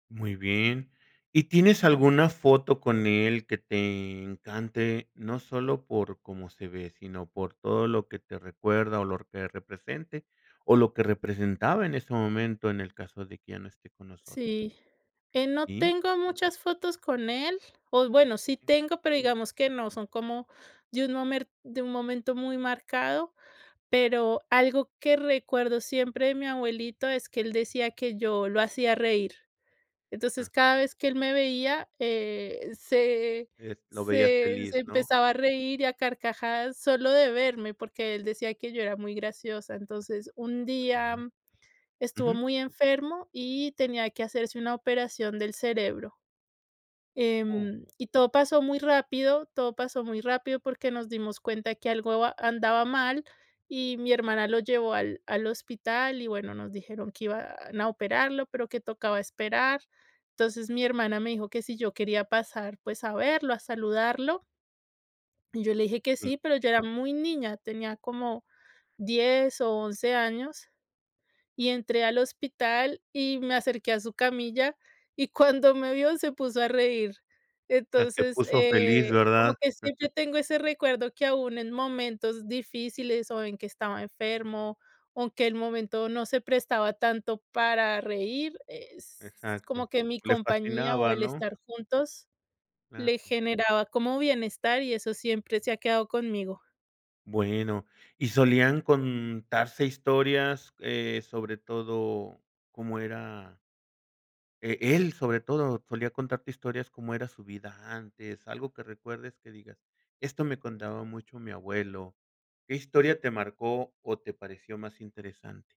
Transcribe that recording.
Muy bien. ¿Y tienes alguna foto con él que te encante? No solo por cómo se ve, sino por todo lo que te recuerda o lo que represente o lo que representaba en ese momento, en el caso de que ya no esté con nosotros. Sí, eh, no Sí. tengo muchas fotos con él. O bueno, sí Okey. tengo, pero digamos que no son como de un momer de un momento muy marcado. Pero algo que recuerdo siempre de mi abuelito es que él decía que yo lo hacía reír. Entonces, Ajá. cada vez que él me veía, eh, se Es lo veías se se feliz, ¿no? empezaba a reír, y a carcajadas, solo de verme, porque él decía que yo era muy graciosa. Entonces, un día Bueno, estuvo ujú. muy enfermo y tenía que hacerse una operación del cerebro, Oh. em, y todo pasó muy rápido. Todo pasó muy rápido porque nos dimos cuenta que algo an andaba mal y mi hermana lo llevó al al hospital y, bueno, nos dijeron que iban a operarlo, pero que tocaba esperar. Entonces, mi hermana me dijo que si yo quería pasar, pues, a verlo, a saludarlo y yo le dije que Sí. sí, pero yo era muy niña, tenía como 10 o 11 años y entré al hospital y me acerqué a su camilla, y cuando me vio se puso a reír. O sea, te Entonces, puso feliz, eh, ¿verdad? como que siempre tengo ese recuerdo: que, aun en momentos difíciles o en que estaba enfermo o que el momento no se prestaba tanto para reír, s Exacto, como que mi le compañía o fascinaba, el ¿no? estar juntos le Claro. generaba como bienestar, y eso siempre se ha quedado conmigo. Bueno, ¿y solían contarse historias, eh, sobre todo cómo era? Eh, él sobre todo, ¿solía contarte historias cómo era su vida antes? Algo que recuerdes que digas: "Esto me contaba mucho mi abuelo". ¿Qué historia te marcó o te pareció más interesante?